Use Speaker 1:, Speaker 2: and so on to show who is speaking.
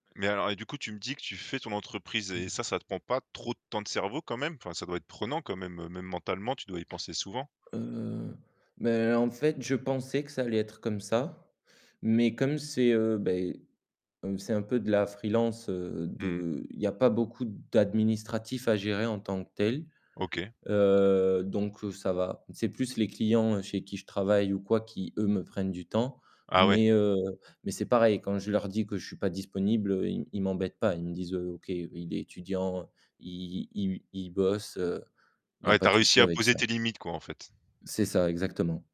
Speaker 1: Mais alors et du coup tu me dis que tu fais ton entreprise et
Speaker 2: Mmh.
Speaker 1: ça, ça te prend pas trop de temps de cerveau quand même? Enfin ça doit être prenant quand même, même mentalement tu dois y penser souvent?
Speaker 2: Heu, mais en fait je pensais que ça allait être comme ça, mais comme c'est, heu, beh, comme c'est un peu de la freelance, heu,
Speaker 1: Mmh.
Speaker 2: de il y a pas beaucoup d'administratifs à gérer en tant que tel.
Speaker 1: OK.
Speaker 2: Heu, donc heu, ça va, c'est plus les clients, heu, chez qui je travaille ou quoi qui eux me prennent du temps,
Speaker 1: Ah ouais.
Speaker 2: mais heu, mais c'est pareil quand je leur dis que je suis pas disponible, heu, ils m ils m'embêtent pas, ils me disent: «Heu, OK, il est étudiant, il il il bosse, heu», il y a
Speaker 1: Ouais, tu
Speaker 2: pas
Speaker 1: as
Speaker 2: de
Speaker 1: réussi
Speaker 2: souci
Speaker 1: à
Speaker 2: avec
Speaker 1: poser
Speaker 2: ça.
Speaker 1: tes limites, quoi, en fait.
Speaker 2: C'est ça exactement.